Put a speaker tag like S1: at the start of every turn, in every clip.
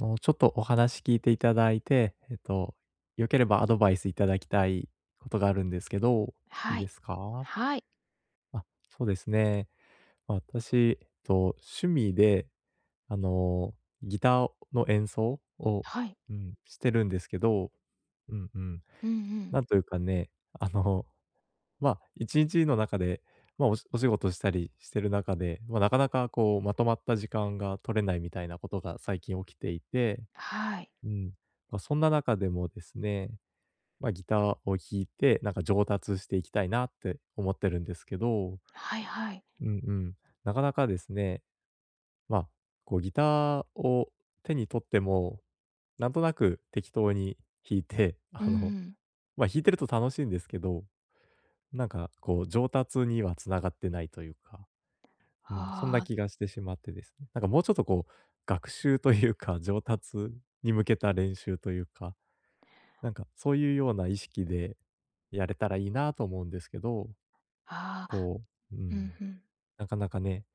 S1: あの、ちょっとお話聞いていただいて、えっと、良ければアドバイスいただきたいことがあるんですけど、いい
S2: は
S1: で
S2: い、
S1: すか？
S2: はい。
S1: あ、そうですね。私、と、趣味であの、ギターの演奏を、
S2: はい。
S1: うん、してるんですけど、うんうん。
S2: うんうん。
S1: なんというかね、あの、ま、一日の中で、ま、おしお仕事したりしてる中で、ま、なかなかこうまとまった時間が取れないみたいなことが最近起きていて、
S2: はい。
S1: うん。ま、そんな中でもですね、ま、ギターを弾いて、なんか上達していきたいなって思ってるんですけど、
S2: はいはい。
S1: うんうん。なかなかですね、ま、こうギターを手に取っても、なんとなく適当に弾いて、
S2: うん
S1: あ
S2: う
S1: の、
S2: ん。
S1: ま、弾いてると楽しいんですけど、なんか、こう上達には繋がってないというか。うん、そん
S2: は
S1: な
S2: あ。
S1: 気がしてしまってですね。なんかもうちょっとこう、学習というか上達に向けた練習というか、なんかそういうような意識でやれたらいいなと思うんですけど。
S2: ああ、
S1: こう、う
S2: うん、
S1: ん、
S2: ふん。
S1: なかなかね、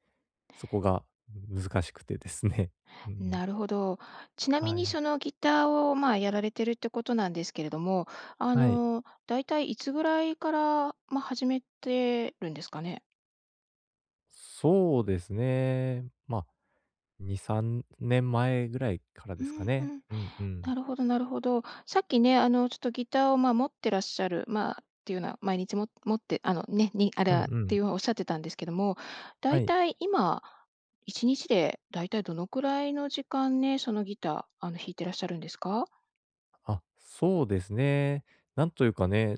S1: そこが難しくてですね、ううん。
S2: なるほど。ちなみ
S1: は
S2: に
S1: い。
S2: そのギターを、まあ、やられてるってことなんですけれども、あ
S1: はい。
S2: の、だいたいいつぐらいから、ま、始めてるんですかね？
S1: そうですね、まあ、2、3年前ぐらいから
S2: う
S1: で
S2: ー
S1: すか
S2: ん。
S1: ね。
S2: うん。
S1: うんうん。
S2: なるほどなるほど。さっきね、あのちょっとギターを、ま、持ってらっしゃる、まあ、っていうのは毎日、も持って、あのね、に、あ
S1: うんう
S2: らっ
S1: ん。
S2: ておっしゃってたんですけども、
S1: は
S2: 大
S1: い。
S2: 体、今、一日で、大体どのくらいの時間ね、そのギター、あの、弾いてらっしゃるんですか？
S1: あ、そうですね。なんというかね、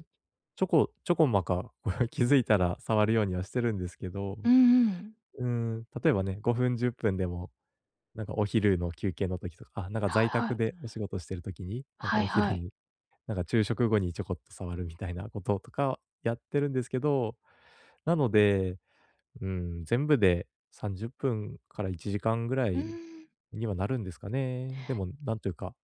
S1: ちょこちょこまか、気づいたら触るようにはしてるんですけど。
S2: うんうん。
S1: うーん。例えばね、5分、10分でも、なんかお昼の休憩の時とか、あ、なんか、在
S2: はいは
S1: 宅
S2: い。
S1: でお仕事してる時に、なんか、
S2: はい
S1: お昼
S2: はい。
S1: に、なんか、昼食後にちょこっと触るみたいなこととかやってるんですけど。なので、うーん、全部で30分から1時間ぐら
S2: うー
S1: い
S2: ん。
S1: にはなるんですかね。でもなんというか、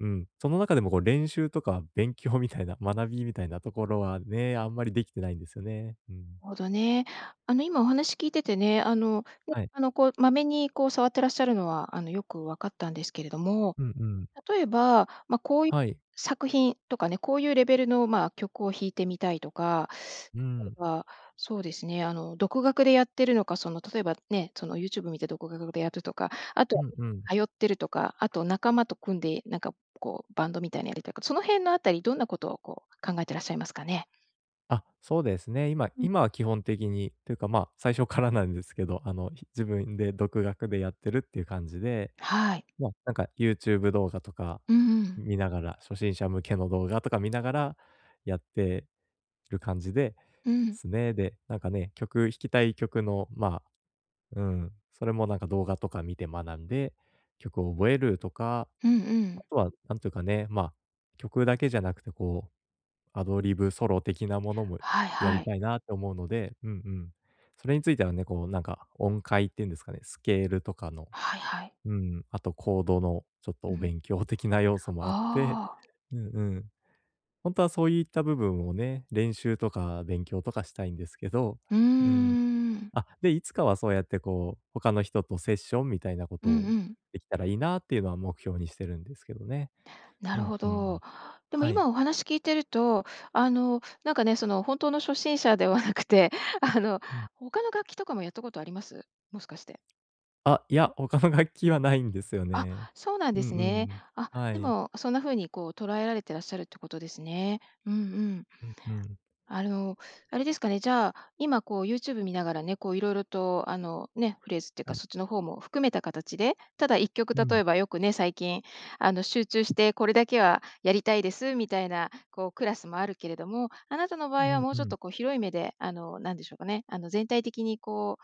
S1: うん、その中でも、こう、練習とか勉強みたいな学びみたいなところはね、あんまりできてないんですよね。うん。
S2: ほどね。あの今お話聞いててね、あの、ね、
S1: はい。
S2: あの、こう、まめに、こう、触ってらっしゃるのは、あの、よくわかったんですけれども。
S1: うんうん。
S2: 例えば、ま、こういう
S1: はい。
S2: 作品とかね、こういうレベルの、まあ、曲を弾いてみたいとか、
S1: うー
S2: たと
S1: ん。
S2: えば、そうですね、あの、独学でやってるのか、その、例えばね、その YouTube 見て独が学でやるとか、あと
S1: う
S2: は
S1: んうん。
S2: 今通ってるとか、あと仲間と組んで、なんか、こう、バンドみたいなやりたいか、その辺のあたりどんなことを、こう、考えてらっしゃいますかね？
S1: あ、そうですね、今
S2: うん。
S1: 今は基本的にというか、まあ最初からなんですけど、あのひ自分で独学でやってるっていう感じで、
S2: はい。
S1: ま、なんか YouTube 動画とか
S2: うん。
S1: 見ながら、初心者向けの動画とか見ながらやってる感じで
S2: うん。
S1: すね。で、なんかね、曲、弾きたい曲のまあ、うん、それもなんか動画とか見て学んで、曲を覚えるとか、
S2: うんう
S1: あ
S2: ん。
S1: とはなんというかね、まあ曲だけじゃなくてこう、アドリブソロ的なものも
S2: はい
S1: や
S2: は
S1: り
S2: い。
S1: たいなと思うので、うんうん。それについてはね、こうなんか、音階っていうんですかね、スケールとかの、
S2: はいはい。
S1: うん、あとコードのちょっと
S2: う
S1: お
S2: ん。
S1: 勉強的な要素もあって
S2: ああ。
S1: うんうん。本当はそういった部分をね、練習とか勉強とかしたいんですけど、
S2: うー
S1: うん。
S2: ん。
S1: あ、で、いつかはそうやってこう、他の人とセッションみたいなこ
S2: う
S1: と
S2: ん
S1: を、
S2: うん。
S1: できたらいいなっていうのは目標にしてるんですけどね。
S2: な
S1: う
S2: る
S1: ん
S2: ほ
S1: うん。
S2: ど。でも
S1: はい。
S2: 今お話聞いてると、あの、なんかね、その本当の初心者ではなくてあの
S1: うん。
S2: 他の楽器とかもやったことあります？もしかして。
S1: あいや、他の楽器はないんですよ
S2: あ、
S1: ね。
S2: そうなん
S1: う
S2: で
S1: う
S2: すね。
S1: ん。
S2: あ、
S1: は
S2: で
S1: い。
S2: もそんな風にこう捉えられてらっしゃるってことですね。うんうん。
S1: うんうん。
S2: あの、あれですかね、じゃあ今こう YouTube 見ながらね、こう色々とあのね、フレーズっていう
S1: は
S2: か
S1: い。
S2: そっちの方も含めた形で、ただ1曲例
S1: うん。
S2: えばよくね、最近あの集中してこれだけはやりたいですみたいなこうクラスもあるけれども、あなたの場
S1: う
S2: 合は
S1: ん
S2: もう
S1: う
S2: ちょっ
S1: ん。
S2: とこう広い目であの、なんでしょうかね、あの全体的にこ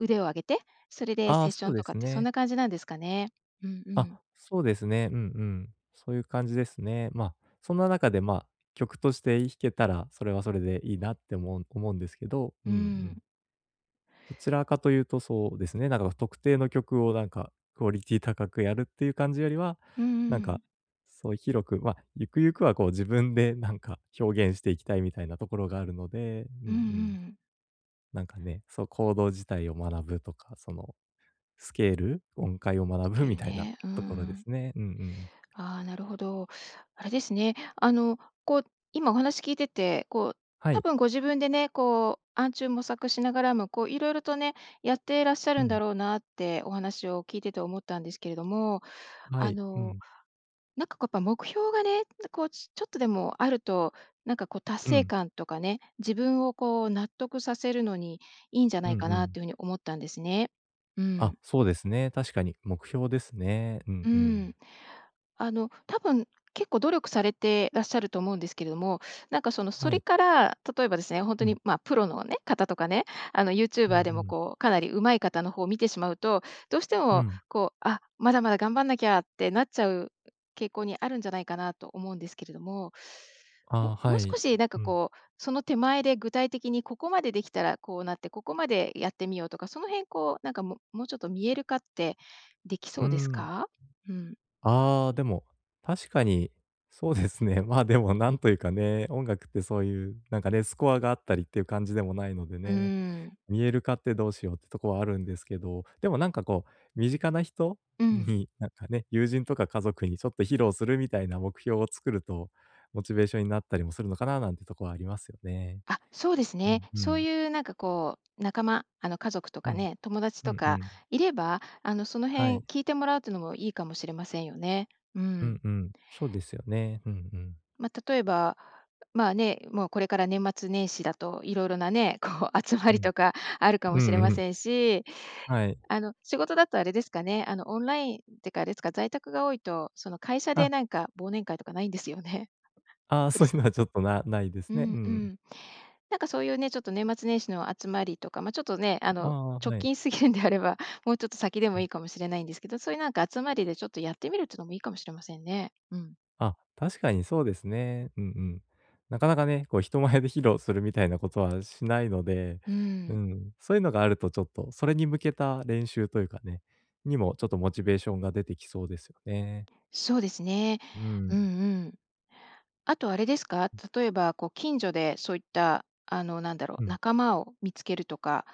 S2: う腕を上げて、それで
S1: ああ、
S2: セッ
S1: そ
S2: ショ
S1: う
S2: ン
S1: で
S2: とかっ
S1: す
S2: てそん
S1: ね。
S2: な感じなんですかね。うんう
S1: あ、
S2: ん。
S1: そうですね。うんうん。そういう感じですね。まあ、そんな中でまあ曲として弾けたら、それはそれでいいなって思う思うんですけど、う
S2: う
S1: んう
S2: ん。
S1: ん。どちらかというとそうですね、なんか特定の曲をなんかクオリティ高くやるっていう感じよりは、
S2: うん
S1: なん
S2: う
S1: か
S2: ん。
S1: そういう広く、ま、ゆくゆくはこう自分でなんか表現していきたいみたいなところがあるので、うん
S2: うんう
S1: うん。
S2: ん。
S1: なんかね、そ、コード自体を学ぶとか、その、スケール、音階を学
S2: ス
S1: ぶ
S2: ケー
S1: み
S2: ル
S1: たいな
S2: ね、うー
S1: ところで
S2: ん。
S1: すね。うんうん。
S2: ああ、なるほど。あれですね、あのこう今お話聞いてて、こう
S1: は
S2: 多
S1: い。
S2: 分ご自分でね、こう暗中模索しながらもこう色々とね、やってらっしゃ
S1: う
S2: るんだ
S1: ん。
S2: ろうなってお話を聞いてて思ったんですけれども、
S1: は
S2: あ
S1: い、う
S2: の
S1: ん。
S2: なんかこうやっぱ目標がね、だこうちちょっとでもあると、なんかこう達
S1: う
S2: 成
S1: ん。
S2: 感とかね、自分をこう納得させるのにいいんじゃな
S1: うん
S2: い
S1: う
S2: かな
S1: ん。
S2: というふうに思ったんですね。う
S1: あ、
S2: ん。
S1: そうですね、確かに、目標ですね。う
S2: う
S1: んうん。
S2: ん。あの多分結構努力されてらっしゃると思うんですけれども、なんかそのそ
S1: は
S2: れ
S1: い。
S2: から、例えばですね、ほんと
S1: う
S2: に、
S1: ん。
S2: ま、プロのね、方とかね、あの
S1: うんう
S2: YouTuber でも
S1: ん。
S2: こうかなり上手い方の方を見てしまうとどうして
S1: う
S2: も
S1: ん。
S2: こう、あ、まだまだ頑張んなきゃってなっちゃう傾向にあるんじゃないかなと思うんですけれども、
S1: あ
S2: も
S1: あ、
S2: もう
S1: は
S2: 少
S1: い。
S2: しなんか
S1: うん。
S2: こうその手前で具体的にここまでできたらこうなってここまでやってみようとかその辺こうなんかももうちょっと見える化ってでき
S1: う
S2: そ
S1: ー
S2: うです
S1: ん。
S2: か？うん。
S1: ああ、でも、確かに、そうですね。まあでもなんというかね、音楽ってそういう、なんかね、スコアがあったりっていう感じでもないので
S2: うー
S1: ね、
S2: ん。
S1: 見える化ってどうしようってとこはあるんですけど、でもなんかこう、身近な人
S2: うん。
S1: になんかね、友人とか家族にちょっと披露するみたいな目標を作ると、モチベーションになったりもするのかななんてとこはありますよね。
S2: あ、そうです
S1: う
S2: ね。
S1: んう
S2: そう
S1: ん。
S2: いうなんかこう仲間、あの家族と
S1: う
S2: か
S1: ん。
S2: ね、友達
S1: う
S2: と
S1: んう
S2: か
S1: ん。
S2: いれば、あのその
S1: は
S2: 辺
S1: い。
S2: 聞いてもらうっていうのもいいかもしれませんよね。う
S1: う
S2: ん。
S1: んうん、そうですよね。うんうん。
S2: ま、例えば、まあね、もうこれから年末年始だと色々なね、こう集ま
S1: う
S2: り
S1: ん。
S2: とかあるか
S1: う
S2: もしれま
S1: んうん。
S2: せんし、
S1: はい。
S2: あの仕事だとあれですかね、あのオンラインっていうか、あれですか、在宅が多いとその会社で
S1: あ。
S2: なんか忘年会とかないんですよね。
S1: あ
S2: ク
S1: そ
S2: リ
S1: ういう
S2: ス…
S1: のはちょっと、なないで
S2: う
S1: すね。う
S2: んう
S1: ん。
S2: ん。なんかそういうね、ちょっと年末年始の集まりとか、ま、ちょっとね、あ
S1: あ
S2: の
S1: あ、
S2: 直
S1: はい。
S2: 近すぎるんであれば、もうちょっと先で
S1: う
S2: もい
S1: ん。
S2: いかもしれないんですけど、そういうなんか集まりでちょっとやってみるっていうのもいいかもしれませんね。うん。
S1: あ、確かにそうですね。うんうん。なかなかね、こう人前で披露するみたいなことはしないので、
S2: う
S1: う
S2: ん。
S1: ん、そういうのがあるとちょっとそれに向けた練習というかねにもちょっとモチベーションが出てきそうですよね。
S2: そうですね。
S1: う
S2: うん
S1: ん。
S2: うん。あとあれですか、
S1: うん。
S2: 例えばこう近所でそういった、あのなんだろ
S1: う
S2: う、
S1: ん。
S2: 仲間を見つけるとか。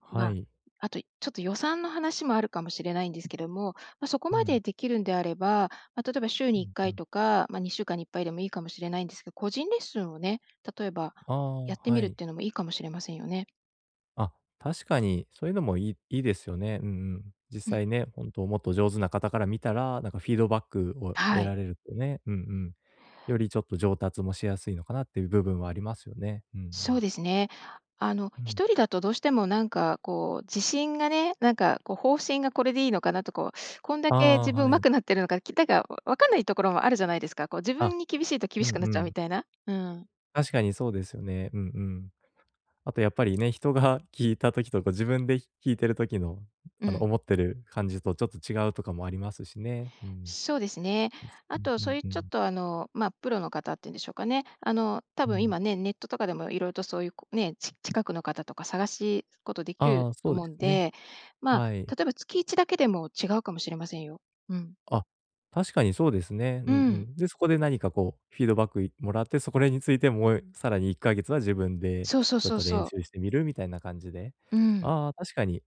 S1: は
S2: ま、
S1: い。
S2: あとちょっと予算の話もあるかもしれないんですけども、ま、そこ
S1: う
S2: まで
S1: ん。
S2: できるんであれば、ま、例えば週
S1: う
S2: にいっ
S1: ん
S2: か
S1: う
S2: い
S1: ん。
S2: とか、ま、2週間にいっぱいでもいいかもしれないんですけど、個人レッスンをね、例えば
S1: ああ、
S2: やってみ
S1: は
S2: るっ
S1: い。
S2: ていうのもいいかもしれませんよね。
S1: あ、確かに、そういうのもいいいいですよね、うんうん。実
S2: うん。
S1: 際ね、本当もっと上手な方から見たら、なんかフィードバックを
S2: は
S1: 得
S2: い。
S1: られるってね、うんうん。よりちょっと上達もしやすいのかなっていう部分はありますよね、うんうん。
S2: そうですね。あの、
S1: うん。
S2: 一人だとどうしても、なんかこう、自信がね、なんかこう、方針がこれでいいのかなとこう、こんだ
S1: あ
S2: け自
S1: あ、
S2: 分う
S1: は
S2: ま
S1: い。
S2: くなってるのか、きたが、わ分かんないところもあるじゃないですか。こう自
S1: あ。
S2: 分に厳しいと、厳
S1: う
S2: し
S1: ん
S2: くな
S1: う
S2: っちゃうみ
S1: ん。
S2: たいな？うーん。
S1: 確かに、そうですよね、うんうん。あとやっぱりね、人が聞いた時とか自分でひ弾いてる時の、
S2: う
S1: あの
S2: ん。
S1: 思ってる感じとちょっと違うとかもありますしね、うーん。
S2: そうですね。
S1: です
S2: あ
S1: ね。
S2: と、
S1: う
S2: そう
S1: ん、
S2: いう
S1: ふ
S2: ちょっ
S1: ん。
S2: と、あの、まあ、プロの方って言うんでしょうかね。あの、多
S1: う
S2: 分
S1: ん。
S2: 今ね、ネットとかでも色々とそういう、こうね、ち近くの方とか探しことできる
S1: ああ、
S2: と
S1: そうで
S2: 思う
S1: す
S2: ん
S1: ね。
S2: で。まあ、
S1: はい。
S2: 例えば月1だけでも違うかもしれませんよ。うん。
S1: あ、確かにそうですね、
S2: う
S1: うん
S2: ー
S1: う
S2: ん。
S1: ん。で、そこで何かこう、フィードバックいもらって、そ、これについてもえさらに1ヵ月は自分で、
S2: そうそう
S1: ちょっ
S2: そう
S1: と
S2: そ
S1: 練
S2: う。
S1: 習してみるみたいな感じで？
S2: うーん。
S1: ああ、確かに。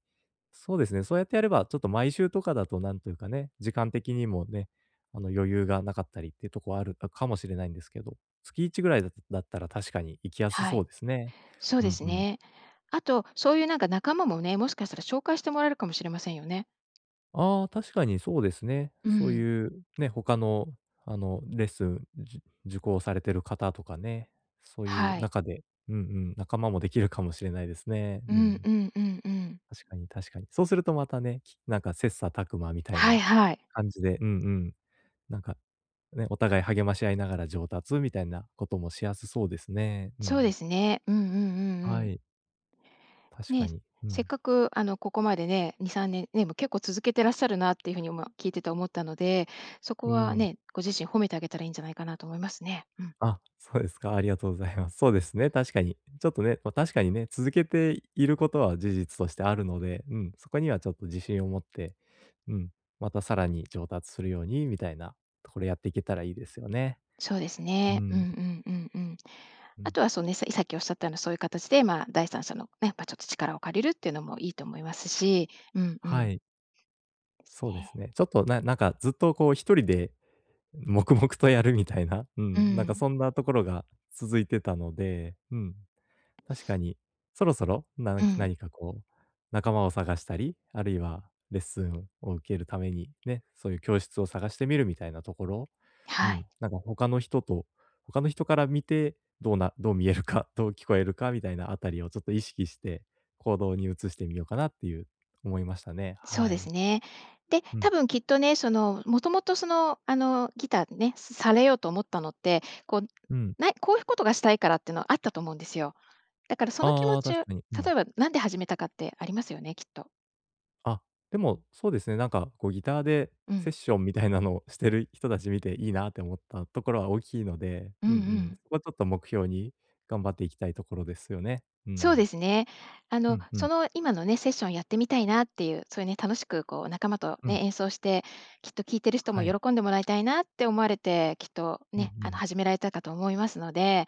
S1: そうですね、そうやってやれば、ちょっと毎週とかだとなんというかね、時間的にもね、あの、余裕がなかったりってとこある、あ、かもしれないんですけど、月1ぐらいだだったら、確かに行きやす
S2: は
S1: そ
S2: い。
S1: うですね。
S2: そう
S1: う
S2: で
S1: ん
S2: す
S1: うん。
S2: ね。あと、そういうなんか仲間もね、もしかしたら紹介してもらえるかもしれませんよね。
S1: ああ、確かにそうですね。
S2: う
S1: そう
S2: ん。
S1: いう、ね、他の、あの、レッスンじゅ受講されてる方とかね、そういう
S2: はい。
S1: 中で、うんうん、仲間もできるかもしれないですね。
S2: う
S1: う
S2: ん
S1: ん。
S2: うんうんうん。
S1: 確かに確かに。そうするとまたね、きなんか切磋琢磨みたい
S2: はい
S1: な
S2: はい。
S1: 感じで、うんうん。なんか、ね、お互い励まし合いながら上達みたいなこともしやすそうですね、う
S2: そ
S1: ん。
S2: うですね。うんうんうんう
S1: は
S2: ん。
S1: い。確か
S2: ね、
S1: に、う
S2: せっ
S1: ん。
S2: かくあのここまでね、2、3年ね、もう、結構続けてらっしゃるなっていう風に今聞いてて思ったので、そこ
S1: うー
S2: は
S1: ん。
S2: ね、ご自身褒めてあげたらいいんじゃないかなと思いますね。うん。
S1: あ、そうですか、ありがとうございます。そうですね、確かに。ちょっとね、ま、確かにね、続けていることは事実としてあるので、うん、そこにはちょっと自信を持って、うん、またさらに上達するようにみたいなところやっていけたらいいですよね。
S2: そうです
S1: う
S2: ね。うんう
S1: ん。
S2: んうんうん。
S1: う
S2: あ
S1: ん。
S2: とはそね、さいさっき仰った様なそういう形で、まあ、第三者の、ね、やっぱちょっと力を借りるってのもいいと思いますし、うんう
S1: は
S2: ん。
S1: い。
S2: です
S1: そうです
S2: ね。
S1: ね。ちょっとななんかずっとこう1人で黙々とやるみたいな、う
S2: う
S1: ん、なんか
S2: ん。
S1: そんなところが続いてたので、うん。確かに、そろそろ、
S2: う
S1: 何
S2: ん。
S1: 何かこう、仲間を探したり、あるいは、レッスンを受けるために、ね、そういう教室を探してみるみたいなところ。
S2: え、
S1: う
S2: は
S1: ん。
S2: い。
S1: なんか他の人と、他の人から見て、どうなどう見えるか、どう聞こえるかみたいなあたりをちょっと意識して、行動に移してみようかなっていう思いましたね。
S2: そう
S1: は
S2: です
S1: い。
S2: ね。で、
S1: う
S2: 多
S1: ん。
S2: 分きっとね、その、もともとその、あの、ギターでね、されようと思ったのって、こう、
S1: うん。
S2: ないこうふことがしたいからってのはあったと思うんですよ。だからその気持
S1: ああ、
S2: ちう
S1: 確かに。う
S2: 例
S1: ん。
S2: えば何で始めたかってありますよね、きっと。
S1: あ、でもそうですね、なんか、こうギターで
S2: う
S1: セッ
S2: ん。
S1: ションみたいなのをしてる人たち見て、いいなって思ったところは大きいので、
S2: うんう
S1: うんうん。
S2: ん。
S1: そこはちょっと目標に頑張っていきたいところですよね。う
S2: そうで
S1: ん。
S2: すね。あ
S1: う
S2: の、
S1: んう
S2: そ
S1: ん。
S2: の今のね、セッションをやってみたいなっていう、そういうね、楽しくこう仲間と、
S1: うん。
S2: ね、演奏してきっと聞いてる人も
S1: はい。
S2: 喜んでもらいたいなって思われて、きっと
S1: うんう
S2: ね、あの、
S1: ん。
S2: 始められたかと思いますので。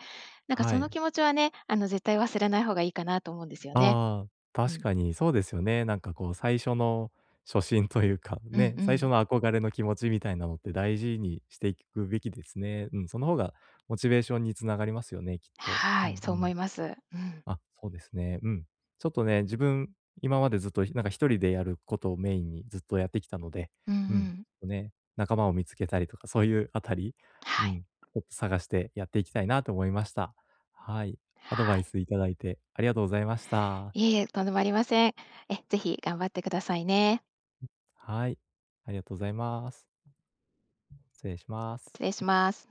S2: なんか
S1: は
S2: その
S1: い。
S2: 気持ちはね、あの、絶対忘れない方がいいかなと思うんですよね。
S1: ああ。
S2: う
S1: 確
S2: ん。
S1: かにそうですよね。なんかこう、最初の初心というか、
S2: うん
S1: ね、
S2: う
S1: 最初
S2: ん。
S1: の憧れの気持ちみたいなのって、大事にしていくべきですね、うん。その方がモチベーションにつながりますよね、きっと。う
S2: はい。
S1: ん
S2: そ
S1: う
S2: う思
S1: ん。
S2: います。うん。
S1: あ、ほうですね、うん。ちょっとね、自分、今までずっとひなんか一人でやることをメインにずっとやってきたので、
S2: うんう
S1: うん、
S2: ん。
S1: とね、仲間を見つけたりとか、そういうあたり？う
S2: はい。
S1: ん、ちょっと探してやっていきたいなと思いました。はい。アドバ
S2: は
S1: イ
S2: い。
S1: スいただいてありがとうございました。
S2: いえいえ、とんでもありません。え、是非頑張ってくださいね。
S1: はい。ありがとうございます。失礼します。
S2: 失礼します。